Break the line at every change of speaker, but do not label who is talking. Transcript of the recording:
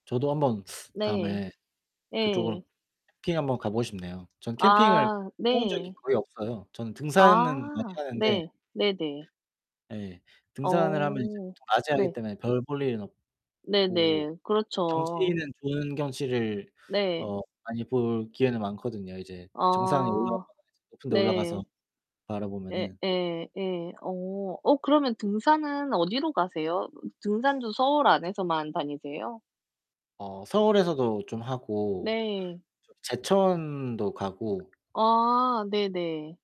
저도 한번
네.
다음에 그쪽으로
예.
캠핑 한번 가 보고 싶네요. 전 캠핑을 해
아
본 적이
네.
거의 없어요. 저는 등산은 많이
아
하는데.
네. 네네.
예. 등산을 하면 이제
어.
보통 낮에 하기
네.
때문에 별 볼 일은
네
없고
네. 그렇죠.
경치는 좋은 경치를
네.
어 많이 볼 기회는 많거든요. 이제 정상에
아
올라가거나 이제 높은 데 올라가서
네. 예,
바라보면은.
예. 예. 어. 어 그러면 등산은 어디로 가세요? 등산도 서울
어쨌든.
안에서만 다니세요?
어 서울에서도 좀 하고
네.
저기 제천도 가고.
아 네네.